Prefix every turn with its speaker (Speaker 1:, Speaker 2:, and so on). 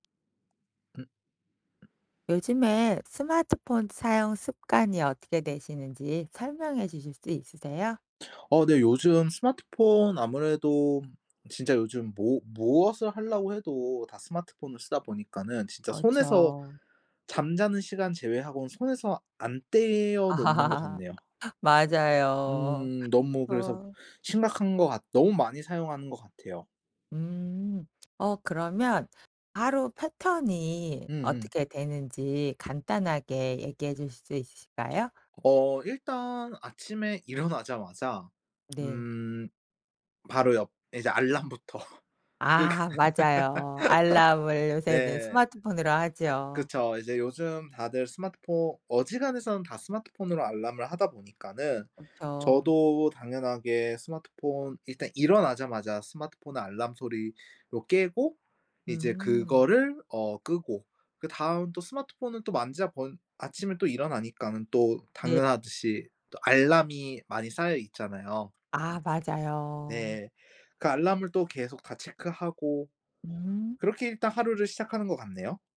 Speaker 1: 음. 음.
Speaker 2: 요즘에 스마트폰 사용 습관이 어떻게 되시는지 설명해 주실 수 있으세요?
Speaker 1: 어 네. 요즘 스마트폰 아무래도 진짜 요즘 뭐 무엇을 하려고 해도 다 스마트폰을 쓰다 보니까는 진짜 손에서
Speaker 2: 그렇죠
Speaker 1: 잠자는 시간 제외하고는 손에서 안 떼어 놓는 것 같네요.
Speaker 2: 맞아요.
Speaker 1: 음. 너무 그래서
Speaker 2: 어.
Speaker 1: 심각한 것 같 너무 많이 사용하는 것 같아요.
Speaker 2: 음 어 그러면 하루 패턴이
Speaker 1: 음음.
Speaker 2: 어떻게 되는지 간단하게 얘기해 주실 수 있으실까요?
Speaker 1: 어 일단 아침에 일어나자마자
Speaker 2: 네.
Speaker 1: 음 바로 옆 예 이제 알람부터 끄기.
Speaker 2: 아 맞아요. 알람을 요새 네
Speaker 1: 네.
Speaker 2: 스마트폰으로 하지요.
Speaker 1: 그쵸. 이제 요즘 다들 스마트포 어지간해서는 다 스마트폰으로 알람을 하다 보니까는
Speaker 2: 그쵸.
Speaker 1: 저도 당연하게 스마트폰 일단 일어나자마자 스마트폰 알람 소리로 깨고 이제
Speaker 2: 음.
Speaker 1: 그거를 어 끄고 그다음 또 스마트폰을 또 만지다 본 아침에 또 일어나니까는 또
Speaker 2: 네.
Speaker 1: 당연하듯이 또 알람이 많이 쌓여있잖아요.
Speaker 2: 아 맞아요.
Speaker 1: 네. 그 알람을 또 계속 다 체크하고
Speaker 2: 음.
Speaker 1: 그렇게 일단 하루를 시작하는 것 같네요.